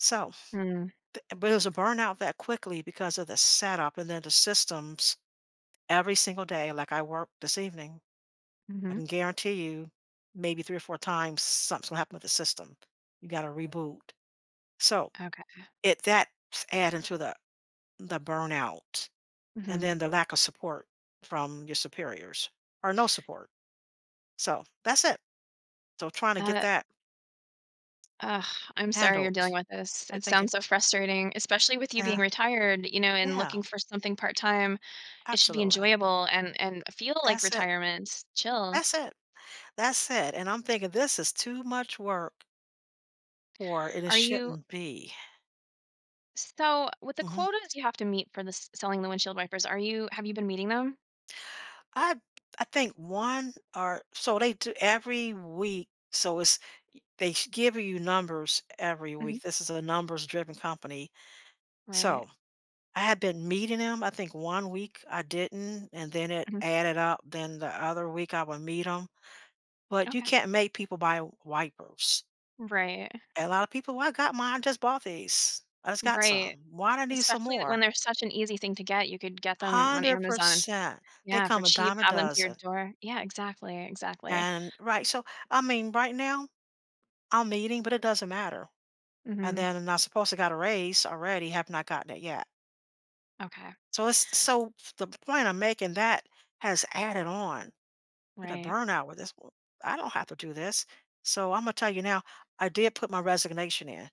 Self. Mm. Bu but it was a burnout that quickly because of the setup and then the systems every single day, like, I worked this evening, I Mhm. can guarantee you, maybe 3 or 4 times something is gonna happen with the system. You gotta reboot. So, Okay. it that's adding to the the burnout and Mhm. then the lack of support from your superiors, or no support. So, that's it. So, trying to That get it that Ugh, I'm sorry you're dealing handled. with this I it think it sounds so frustrating, especially with you being Uh-huh. retired, you know, and Yeah. looking for something part-time. It should be Absolutely. enjoyable and and feel like That's it. retirement. Chill. That's it. That's it, and I'm thinking this is too much work or it, uh, Are you shouldn't be. So, with the Mhm. quotas you have to meet for the s selling the windshield wipers, are you have you been meeting them? I'd I think 1 or so they do every week, so, it's e they give you numbers every Mhm. week, this is a numbers-driven company. Right. So, I had been meeting 'em, I think one week I didn't, and then it Mhm. added up, then the other week I would meet 'em, but you Okay. can't make people buy wipers. Right. A lot of people, "Well, I got mine, I just bought these, I just got Right. some, why do I need some Especially that when more?" they're such an easy thing to get, you could get them on hundred Amazon. percent. They Yeah, for come a cheap, dime a have them to your dozen. door. Yeah, exactly, exactly. And right, so, I mean, right now, I'm meeting, but it doesn't matter. And Mhm. then I supposed got a raise already, have not gotten it yet. Okay. So, it's this So, the point I'm making, that has added on. Gonna Right. burn out with this one I don't have to do this. So, Imma tell you now, I did put my resignation in.